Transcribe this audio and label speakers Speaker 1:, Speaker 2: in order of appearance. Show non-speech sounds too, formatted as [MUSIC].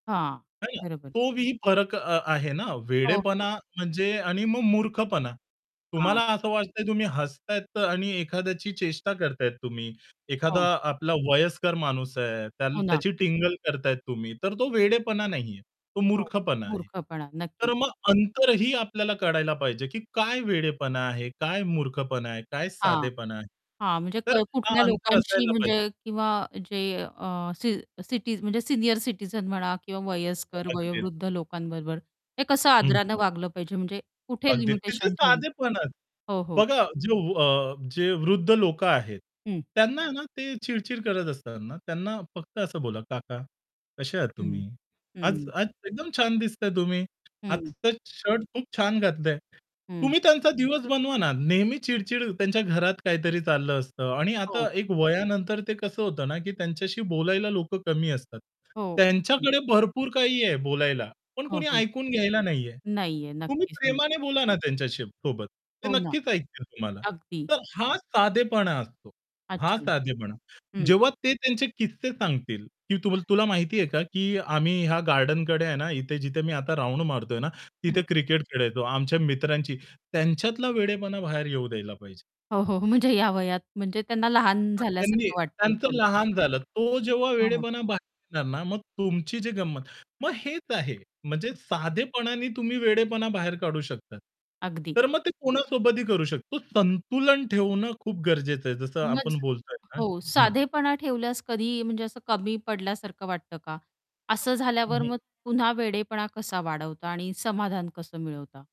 Speaker 1: हां,
Speaker 2: है ना?
Speaker 1: बरोबर.
Speaker 2: तो वी फरक अ-आहे ना
Speaker 1: हो, हो.
Speaker 2: वेडेपणा म्हणजे आणि मग मूर्खपणा. तुम्हाला
Speaker 1: हां.
Speaker 2: असं वाटतंय तुम्ही हसतायेत आणि एखाद्याची चेष्टा करताय तुम्ही. एखादा
Speaker 1: हो.
Speaker 2: आपला वयस्कर माणूस आहे, त्या
Speaker 1: हो ना.
Speaker 2: त्याची टिंगल करताय तुम्ही. तर तो वेडेपणा नाही आहे. तो
Speaker 1: हो,
Speaker 2: मूर्खपणा आहे.
Speaker 1: मूर्खपणा.
Speaker 2: तर
Speaker 1: नक्की.
Speaker 2: मग अंतरही आपल्याला कळायला पाहिजे, की काय वेडेपणा आहे, काय मूर्खपणा आहे, काय
Speaker 1: हां,
Speaker 2: साधेपणा आहे.
Speaker 1: हां. म्हणजे
Speaker 2: तर
Speaker 1: क
Speaker 2: हां
Speaker 1: कुठल्या
Speaker 2: अंतर
Speaker 1: लोकांशी
Speaker 2: असायला पाहिजे.
Speaker 1: म्हणजे किंवा जे अ, सी सिटी म्हणजे सीनियर सिटीझन म्हणा किंवा वयस्कर,
Speaker 2: अगदी अग
Speaker 1: वयोवृद्ध लोकांबरोबर हे कसं
Speaker 2: हं,
Speaker 1: आदराने
Speaker 2: हं.
Speaker 1: वागलं पाहिजे म्हणजे कुठे
Speaker 2: अगदी तिथे
Speaker 1: लिमिटेशन ठेवलं?
Speaker 2: साधेपण [UNINTELLIGIBLE]
Speaker 1: हो, हो.
Speaker 2: बघा जे अ, जे वृद्ध लोकं आहेत,
Speaker 1: हं.
Speaker 2: त्यांना ना ते चिड-चिड करत असतात ना. त्यांना फक्त असं बोला "काका कसे आहात
Speaker 1: हं,
Speaker 2: तुम्ही? आज
Speaker 1: हं.
Speaker 2: आज एकदम छान दिसताय तुम्ही,
Speaker 1: हं.
Speaker 2: आजचा शर्ट खूप छान घातलंय."
Speaker 1: हं.
Speaker 2: तुम्ही त्यांचा दिवस बनवा ना नेहमी चिड-चिड त्यांच्या घरात काहीतरी चाललं असतं आणि आता
Speaker 1: हो.
Speaker 2: एक वयानंतर ते कसं होतं ना, की त्यांच्याशी बोलायला लोकं कमी असतात.
Speaker 1: हो. हं.
Speaker 2: त्यांच्याकडे भरपूर काही आहे बोलायला, पण
Speaker 1: हो,
Speaker 2: कोणी
Speaker 1: हो.
Speaker 2: ऐकून घ्यायला नाही आहे.
Speaker 1: नाही आहे.
Speaker 2: तुम्ही
Speaker 1: नक्कीच नाही.
Speaker 2: प्रेमाने बोला ना त्यांच्याशी सोबत. ते
Speaker 1: हो ना.
Speaker 2: नक्कीच ऐकतील तुम्हाला.
Speaker 1: अगदी.
Speaker 2: तर हा साधेपणा असतो, हा
Speaker 1: अच्छा.
Speaker 2: साधेपणा.
Speaker 1: हं.
Speaker 2: जेव्हा ते त्यांचे किस्से सांगतील की त तुला माहिती आहे का की आम्ही ह्या गार्डनकडे आहे ना इथे जिथे मी आता राउंड मारतोय ना तिथे
Speaker 1: हं.
Speaker 2: क्रिकेट खेळायचो. आमच्या मित्रांची त्यांच्यातला वेडेपणा बाहेर येऊ द्यायला पाहिजे.
Speaker 1: हो, हो. म्हणजे या वयात म्हणजे त्यांना लहान
Speaker 2: अ, त्यांनी
Speaker 1: झाल्यासारखं वाटतंय
Speaker 2: त्यांचं
Speaker 1: थोडक्यात.
Speaker 2: लहान झालं तो जेव्हा
Speaker 1: हो.
Speaker 2: वेडेपणा बाहेर येणार ना मग तुमची जी गंमत. मग हेच आहे. म्हणजे साधेपणाने तुम्ही वेडेपणा बाहेर काढू शकता.
Speaker 1: अगदी.
Speaker 2: तर मग ते कोणासोबतही करू शकतो. संतुलन ठेवणं खूप गरजेचं आहे. जसं
Speaker 1: मज
Speaker 2: आपण बोलतोय ना.
Speaker 1: हो
Speaker 2: हं.
Speaker 1: साधेपणा ठेवल्यास, कधी म्हणजे असं कमी पडल्यासारखं वाटतं का? असं
Speaker 2: हं,
Speaker 1: झाल्यावर
Speaker 2: हं.
Speaker 1: मग पुन्हा वेडेपणा कसा वाढवता आणि समाधान कसं मिळवता.